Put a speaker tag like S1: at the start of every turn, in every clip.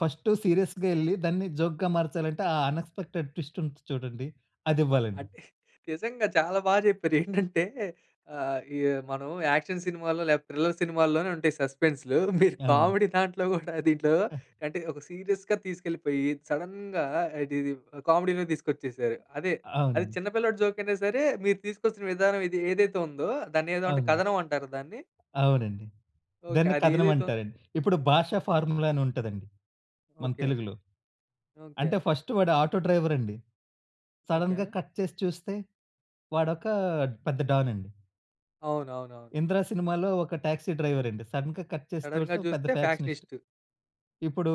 S1: First సీరియస్‌గా ఎళ్లి, దాన్ని జోక్‌గా మార్చాలంటే ఆ అనెక్స్‌పెక్టెడ్ ట్విస్ట్ ఉంటుంది చూడండి, అది
S2: ఆ!
S1: ఇవ్వాలండి.
S2: అంటే, నిజంగా చాలా బా చెప్పారు. ఏంటంటే ఆహ్, ఈ మనం యాక్షన్ సినిమాల్లో, లేకపోతే థ్రిల్లర్ సినిమాల్లోనే ఉంటాయి సస్పెన్స్‌‌‌లు మీరు
S1: అవును.
S2: కామెడీ దాంట్లో కూడా, దీంట్లో అంటే ఒక సీరియస్‌గా తీసుకెళ్ళిపోయి, సడెన్‌గా ఇది ఇది కామెడీలో తీసుకొచ్చేసారు. అదే అది
S1: అవునండి.
S2: చిన్న పిల్లాడి జోకైనా సరే, మీరు తీసుకొచ్చిన విధానం ఇది ఏదైతే ఉందో దాన్ని ఏదో అంటే
S1: అవునండి.
S2: కథనం అంటార దాన్ని?
S1: అవునండి.
S2: ఓకే.
S1: దాన్ని
S2: అది
S1: కథనం
S2: ఏదైతే వు
S1: అంటారండి. ఇప్పుడు 'భాషా' ఫార్ములా అని ఉంటదండి, మన
S2: ఓకే.
S1: తెలుగులో.
S2: ఓకే.
S1: అంటే, ఫస్ట్ వాడు ఆటో డ్రైవర్ అండి.
S2: ఓకే.
S1: సడెన్‌గా కట్ చేసి చూస్తే, వాడొక పెద్ద డాన్ అండి.
S2: అవునవునవును.
S1: 'ఇంద్ర' సినిమాలో ఒక టాక్సీ డ్రైవర్ అండి. సడెన్‌గా కట్ చేసి
S2: సడెన్‌గా
S1: చూస్తే, పెద్ద
S2: చూస్తే
S1: ఫ్యాక్షనిస్ట్.
S2: ఫ్యాక్షనిస్టు.
S1: ఇప్పుడు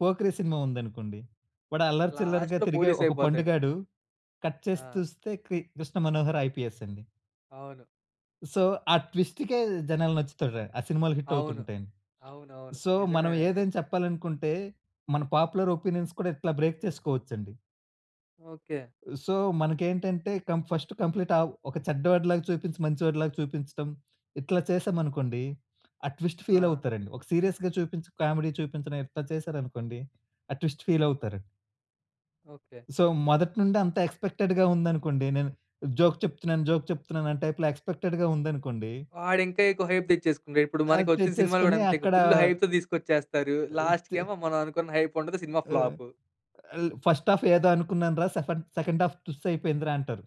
S1: 'పోకిరి' సినిమా ఉందనుకోండి, వాడు అల్లరి చిల్లరిగా
S2: లాస్ట్‌లో
S1: తిరిగే ఒక
S2: పోలీసైపోతాడు.
S1: పండుగాడు కట్ చేసి
S2: ఆ!
S1: చూస్తే, కి కృష్ణ మనోహర్ ఐపీఎస్ అండి.
S2: అవును.
S1: సో, ఆ ట్విస్ట్‌కే జనాలు నచ్చుతాడు. ఆ సినిమాలు హిట్
S2: అవును.
S1: అవుతుంటాయి.
S2: అవునవును.
S1: సో, మనం
S2: నిజమేనండి.
S1: ఏదైనా చెప్పాలనుకుంటే, మన పాపులర్ ఒపీనియన్స్ కూడా ఇట్లా బ్రేక్ చేసుకోవచ్చండి.
S2: ఓకే.
S1: సో, మనకేంటంటే కం ఫస్ట్ కంప్లీటావ్ ఒక చెడ్డవాడిలాగా చూపించి, మంచి వాడిలాగా చూపించడం. ఇట్లా చేసామనుకోండి ఆ ట్విస్ట్
S2: ఆ!
S1: ఫీలావుతారండి. ఒక సీరియస్‌గా చూపించి, కామెడీ చూపించడం ఇట్లా చేసారనుకోండి, ఆ ట్విస్ట్ ఫీలావుతారండి.
S2: ఓకే.
S1: సో, మొదటి నుండి అంత ఎక్స్‌పెక్టెడ్‌గా ఉందనుకోండి, నేను జోక్ చెప్తున్నాను, జోక్ చెప్తున్నాను అనే టైప్‌లో ఎక్స్‌పెక్టెడ్‌గా ఉందనుకోండి
S2: వాడు ఇంకా ఎక్కువ హైప్ తెచ్చేసుకుంటాడు. ఇప్పుడు
S1: అది
S2: మనకొచ్చిన సినిమాలు కూడా,
S1: తెచ్చేసుకొని
S2: అంతే ఇగా
S1: అక్కడా
S2: ఫుల్లు హైప్‌తో తీసుకొచ్చేస్తారు.
S1: ఆ! తే
S2: లాస్ట్‌కేమో మనం అనుకున్న హైపుండదు, సినిమా
S1: ఆ!
S2: ఫ్లాపు.
S1: ఆల్ ఫస్ట్ హాఫ్ ఏదో అనుకున్నాను‌రా సెఫెండ్ సెకండ్ హాఫ్ తుస్సైపోయింది‌రా అంటారు.